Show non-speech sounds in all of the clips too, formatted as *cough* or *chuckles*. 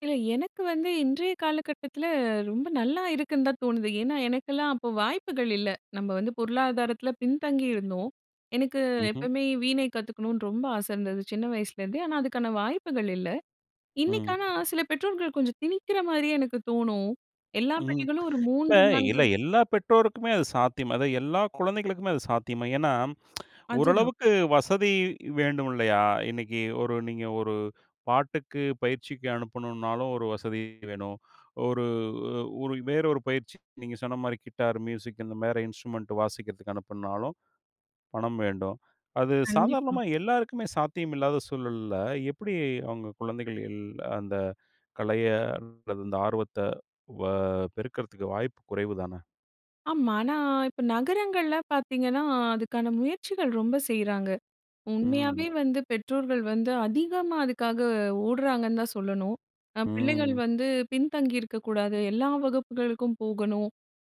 இல்ல, எனக்கு வந்து இன்றைய காலகட்டத்துல ரொம்ப நல்லா இருக்குன்தான் தோணுது. ஏன்னா, எனக்கெல்லாம் அப்ப வாய்ப்புகள் இல்ல. நம்ம வந்து பொருளாதாரத்துல பின்தங்கி இருந்தோம். எனக்கு ம்ஹ்ம். எப்பமே வீணை கத்துக்கணும்னு ரொம்ப ஆச இருந்தது சின்ன வயசுல இருந்தே. ஆனா அதுக்கான வாய்ப்புகள் இல்ல. ம். இன்னைக்கான ஆனா சில பெற்றோர்கள் கொஞ்சம் திணிக்கிற மாரியே எனக்குத் தோணும். எல்லா ம். பிள்ளைகளும் ஒரு இப்ப 3, 4 இல்ல, எல்லா பெற்றோருக்குமே அது சாத்தியமா, அதாவது எல்லா குழந்தைகளுக்குமே அது சாத்தியமா? ஏன்னா, அதுதான். ஓரளவுக்கு வசதி வேண்டும் இல்லையா? இன்னைக்கு ஒரு நீங்க ஒரு பாட்டுக்கு பயிற்சிக்கு அனுப்பனும்னாலும் ஒரு வசதி வேணும். ஒரு ஒரு வேறொரு பயிற்சி நீங்க சொன்ன மாரி கிட்டார், மியூசிக் இந்த மாரி இன்ஸ்ட்ருமென்ட் வாசிக்கிறதுக்கு அனுப்பனும்னாலும் பணம் வேண்டும். அது கண்டிப்பா. சாதாரணமா எல்லாருக்குமே சாத்தியமில்லாத சூழல்ல, எப்டி அவுங்க குழந்தைகள் ல் அந்த கலைய அல்லது அந்த ஆர்வத்த, வ பெருக்குறதுக்கு வாய்ப்பு குறைவுதான? ஆமா, ஆனா இப்ப நகரங்கள்ல பாத்தீங்கன்னா அதுக்கான முயற்சிகள் ரொம்ப செய்றாங்க. ம். உண்மையாவே ம். வந்து பெற்றோர்கள் வந்து அதிகமா அதுக்காக ஓட்றாங்கன்னு தான் சொல்லணும். தான் பிள்ளைகள் ம். வந்து பின்தங்கி இருக்கக் கூடாது, எல்லா வகுப்புகளுக்கும் போகணும்.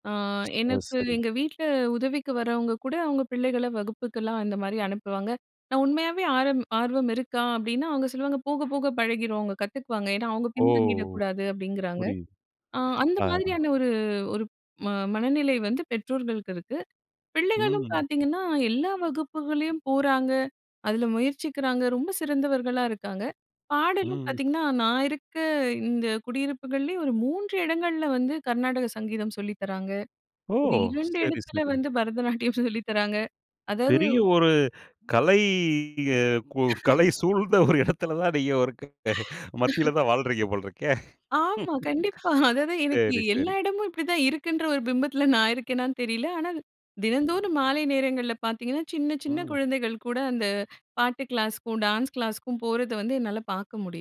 அ, *tsk* அது எனக்கு சரி. எங்க வீட்ல உதவிக்கு வர்றவங்க கூட அவுங்க பிள்ளைகள வகுப்புக்கெல்லாம் இந்த மாரி அனுப்புவாங்க. நான் உண்மையாவே ஆர்வ ஆர்வம் இருக்கா? அப்டின்னா, அவுங்க சொல்லுவாங்க போகப் போக பழகிரும், அவுங்க கத்துக்குவாங்க. ஏன்னா அவுங்க ஓ! பின்தங்கிடக் கூடாது அப்டிங்கறாங்க. புரியுது. அ, அந்த ஆ. மாதிரியான ஒரு ஒரு ம மனநிலை வந்து பெற்றோர்களுக்கு இருக்கு. பிள்ளைகளும் ம். பாத்தீங்கன்னா, எல்லா வகுப்புகளையும் போறாங்க, அதுல முயற்சிக்கிறாங்க, ரொம்ப சிறந்தவர்களா இருக்காங்க. பாடலும் ம். பாத்தீங்கன்னா, நான் இருக்க இந்த குடியிருப்புகள்லே ஒரு 3 இடங்கள்ல வந்து கர்நாடக சங்கீதம் சொல்லித்தராங்க. ஓ! ஒரு 2 சரி, இடத்துல சரி. வந்து பரதநாட்டியம் சொல்லித்தராங்க. அதாவது பெரிய ஒரு கலை, கு கலை *laughs* சூழ்ந்த ஒரு எடத்துலதான் நீங்க, இரு ஒரு *laughs* மத்திலதான் வாழ்றீங்க போல இருக்கே. *laughs* ஆமா, கண்டிப்பா. *chuckles* அதாது எனக்கு சரி. எல்லா சரி. எடமும் இப்டித்தான் இருக்குன்ற ஒரு பிம்பத்துல நான் இருக்கேனான்னு தெரியல. ஆனா, தினந்தோறும் மாலை நேரங்கள்ல பாத்தீங்கன்னா, சின்னச் சின்ன ம். குழந்தைகள் கூட அந்த பாட்டு கிளாஸ்க்கும், டான்ஸ் கிளாஸ்க்கும் போறத வந்து என்னால பாக்க முடியும்.